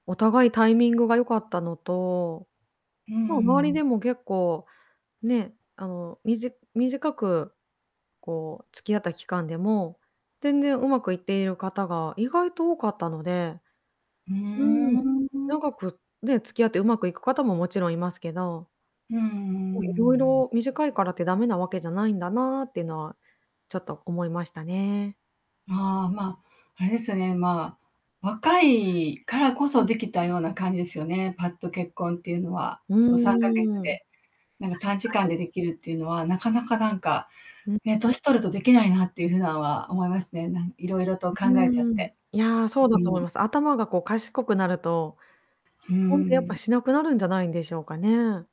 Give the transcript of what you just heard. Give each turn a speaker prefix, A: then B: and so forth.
A: お互いタイミングが良かったのと、
B: うー
A: まあ、周り
B: ん。
A: でも結構ね、あの、みじ短く、こう、付き合った期間でも、全然上手くいっている方が意外と多かったので。
B: うー
A: うーん、
B: ん。
A: 長くね、付き合ってうまくいく方ももちろんいますけど
B: うんうんうん
A: お、い
B: う
A: ろい
B: ん。
A: ろ短いからって駄目なわけじゃないんだな、っていうのは、ちょっと思いましたね。
B: ああ、ま、あれですよね、まあ、若いからこ
A: う
B: そ
A: ん。
B: できたような感じですよね、ぱっと結婚っていうのは。
A: う
B: そう3ヶ月
A: ーん。
B: で。なんか短時
A: 確か
B: 間
A: に。
B: でできるっていうのはなかなかなんか、
A: うん。
B: ね、年取るとできないなっていう風なんは思いますね。なん色々と考
A: う
B: えちゃっ
A: ーん、
B: て。
A: いや、そう
B: う
A: だと思い
B: ん。
A: ます。頭がこう賢くなると、
B: う
A: 結婚ってやっぱ
B: ん。
A: しなくなるんじゃないんでしょうかね。